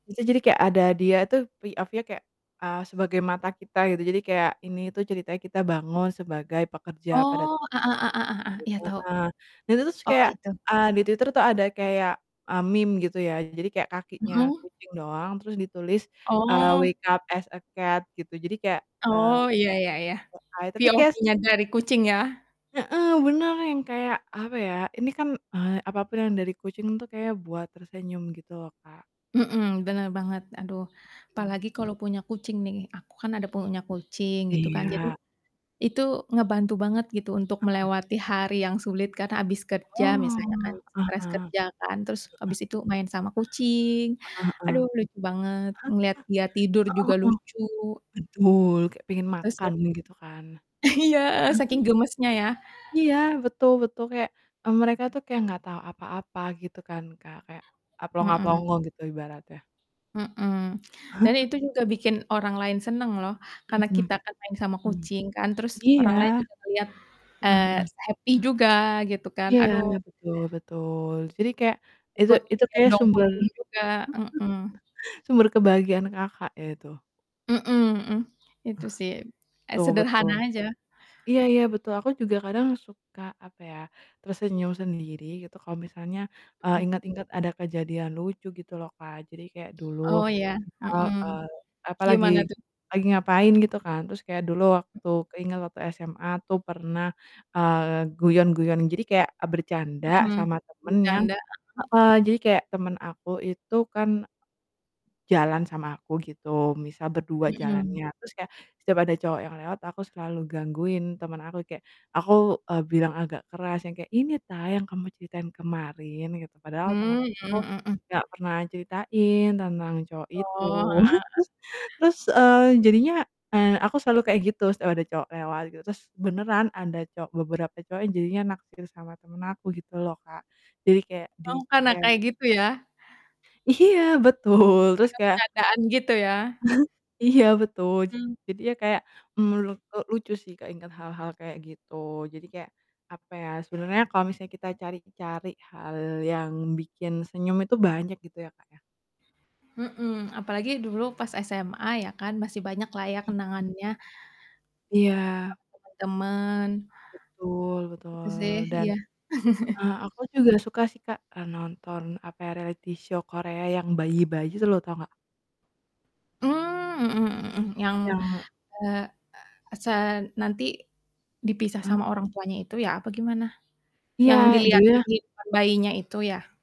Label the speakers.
Speaker 1: Itu jadi kayak ada dia tuh POV-nya kayak, eee, sebagai mata kita, gitu. Jadi kayak, ini tuh ceritanya kita bangun sebagai pekerja pada
Speaker 2: Oh, heeh heeh heeh, iya
Speaker 1: [unintelligible]
Speaker 2: tahu.
Speaker 1: heeh, dan itu terus
Speaker 2: Oh,
Speaker 1: kayak,
Speaker 2: itu.
Speaker 1: eee, di Twitter tuh ada kayak, e meme, gitu ya. Jadi kayak, kakinya
Speaker 2: Mhm.
Speaker 1: kucing doang, terus ditulis, eee,
Speaker 2: Oh.
Speaker 1: wake up as a cat, gitu. Jadi kayak, eee
Speaker 2: Oh, ya ya ya,
Speaker 1: [unintelligible] tapi kayak es
Speaker 2: POV-nya dari kucing ya?
Speaker 1: Heeh, bener, yang kayak, apa ya, ini kan, eee, apapun yang dari kucing tuh kayak buat tersenyum gitu loh Kak.
Speaker 2: Mhm, bener banget, aduh.
Speaker 1: Mhm.
Speaker 2: Apalagi kalau punya kucing nih, aku kan ada punya kucing, gitu kan. Jadi,
Speaker 1: Iya.
Speaker 2: itu ngebantu banget gitu, untuk
Speaker 1: Heeh.
Speaker 2: melewati hari yang sulit, karena habis kerja misalnya kan,
Speaker 1: Oh, heeh.
Speaker 2: stres kerja
Speaker 1: Heeh.
Speaker 2: kan, terus habis itu main sama kucing,
Speaker 1: Heeh
Speaker 2: aduh lucu banget, ngelihat dia tidur
Speaker 1: heeh. Heeh
Speaker 2: juga
Speaker 1: heeh. Heeh heeh.
Speaker 2: lucu.
Speaker 1: Betul, kayak pengen
Speaker 2: Gitu sih.
Speaker 1: makan, gitu kan. Heeh.
Speaker 2: Iya, saking gemesnya, ya.
Speaker 1: Iya, betul betul, kayak, mmm, mereka tuh kayak enggak tau apa-apa gitu kan Kak, kayak a
Speaker 2: Mhm.
Speaker 1: plonga-plongo gitu, ibaratnya.
Speaker 2: Mhm, dan itu juga bikin orang lain seneng loh, karena
Speaker 1: Mhm.
Speaker 2: kita kan main sama
Speaker 1: Mhm.
Speaker 2: kucing kan, terus
Speaker 1: Iya.
Speaker 2: orang lain juga melihat,
Speaker 1: Heeh
Speaker 2: eee,
Speaker 1: heeh.
Speaker 2: s happy juga, gitu kan.
Speaker 1: Iya,
Speaker 2: Aduh.
Speaker 1: betul betul. Jadi kayak itu
Speaker 2: Ikut,
Speaker 1: itu kayak
Speaker 2: gendong
Speaker 1: sumber
Speaker 2: kucing juga, heeh.
Speaker 1: sumber kebahagiaan Kakak ya, itu?
Speaker 2: Mhm mhm,
Speaker 1: Eh,
Speaker 2: itu sih, e
Speaker 1: betul betul.
Speaker 2: sederhana aja.
Speaker 1: Iya iya betul aku juga kadang suka, apa ya, tersenyum sendiri gitu kalau misalnya, eee,
Speaker 2: Mhm.
Speaker 1: ingat-ingat ada kejadian lucu gitu loh Kak. Jadi kayak dulu
Speaker 2: Oh, iya,
Speaker 1: misal,
Speaker 2: heeh.
Speaker 1: eee, apa, lagi
Speaker 2: Gimana tuh?
Speaker 1: lagi ngapain gitu kan, terus kayak dulu
Speaker 2: M
Speaker 1: waktu keinget waktu SMA tuh pernah, eee, guyon-guyon, jadi kayak, e bercanda
Speaker 2: Mhm,
Speaker 1: sama temen yang
Speaker 2: bercanda, heeh.
Speaker 1: heeh, jadi kayak temen aku itu kan jalan sama aku gitu, misal berdua
Speaker 2: Mhm.
Speaker 1: jalannya. Terus kayak setiap ada cowok yang lewat aku selalu gangguin temen aku, kayak aku, eee, bilang agak keras yang kayak, "Ini ta, yang kamu ceritain kemarin?" Gitu, padahal temen
Speaker 2: Mmm, mhm
Speaker 1: aku
Speaker 2: mhm mhm.
Speaker 1: enggak pernah ceritain tentang cowok itu.
Speaker 2: Oh, heeh heeh.
Speaker 1: Terus, eee, jadinya, eee aku selalu kayak gitu setiap ada cowok lewat gitu, terus beneran ada cowok beberapa cowok yang jadinya naksir sama temen aku, gitu loh Kak. Jadi kayak
Speaker 2: Oh, karena kayak
Speaker 1: di-chat.
Speaker 2: gitu ya?
Speaker 1: Iya, betul. Terus
Speaker 2: Karena
Speaker 1: kayak
Speaker 2: bercandaan, gitu ya?
Speaker 1: Iya betul,
Speaker 2: Hmm.
Speaker 1: jadi ya kayak, menurutku lucu sih keingat hal-hal kayak gitu. Jadi kayak, apa ya, sebenernya kalau misalnya kita cari-cari hal yang bikin senyum itu banyak gitu ya, Kak, ya.
Speaker 2: Mhm, apalagi dulu pas SMA, ya kan, masih banyak lah ya
Speaker 1: Mhm.
Speaker 2: kenangannya, sama
Speaker 1: Iya.
Speaker 2: temen-temen.
Speaker 1: Betul
Speaker 2: Gitu
Speaker 1: betul
Speaker 2: sih,
Speaker 1: dan
Speaker 2: iya.
Speaker 1: heeh, aku juga suka sih Kak, e nonton, apa, reality show Korea yang bayi-bayi itu loh, tahu enggak?
Speaker 2: Mmm, mhm mhm mhm, yang,
Speaker 1: Yang
Speaker 2: eee e se nanti dipisah
Speaker 1: Heeh.
Speaker 2: sama orang tuanya itu ya, apa gimana? Yang,
Speaker 1: Iya,
Speaker 2: diliatin
Speaker 1: judulnya
Speaker 2: di depan bayinya itu ya?